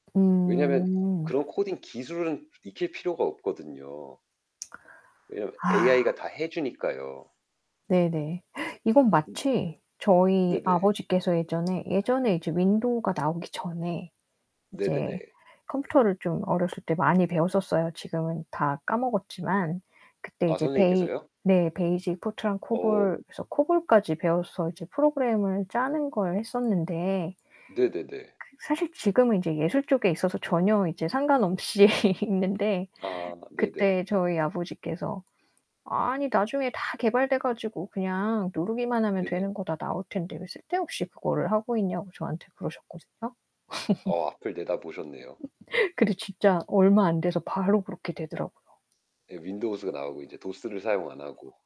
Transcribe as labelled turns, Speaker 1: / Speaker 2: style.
Speaker 1: 왜냐면
Speaker 2: 음.
Speaker 1: 그런 코딩 기술은 익힐 필요가 없거든요. 왜냐면 AI 가 다 해 주니까요.
Speaker 2: 네 네. 이건
Speaker 1: 음.
Speaker 2: 마치 저희
Speaker 1: 네네.
Speaker 2: 아버지께서 예전에, 예전에 이제 윈도우가 나오기 전에
Speaker 1: 네 네
Speaker 2: 이제
Speaker 1: 네.
Speaker 2: 컴퓨터를 좀 어렸을 때 많이 배웠었어요. 지금은 다 까먹었지만 그때
Speaker 1: 아
Speaker 2: 이제 베이
Speaker 1: 선생님께서요?
Speaker 2: 네. 베이직 포트랑
Speaker 1: 어.
Speaker 2: 코볼, 그래서 코볼까지 배워서 이제 프로그램을 짜는 걸 했었는데
Speaker 1: 네 네 네.
Speaker 2: 그 사실 지금은 이제 예술 쪽에 있어서 전혀 이제 상관없이 있는데
Speaker 1: 아 네 네.
Speaker 2: 그때 저희 아버지께서 아니, 나중에 다 개발돼 가지고 그냥 누르기만 하면
Speaker 1: 네네.
Speaker 2: 되는 거 다 나올 텐데 왜 쓸데없이 그거를 하고 있냐고 저한테 그러셨거든요.
Speaker 1: 어, 앞을 내다 보셨네요.
Speaker 2: 근데 진짜 얼마 안 돼서 바로 그렇게 되더라고요.
Speaker 1: 네. 윈도우즈가 나오고 이제 도스를 사용 안 하고.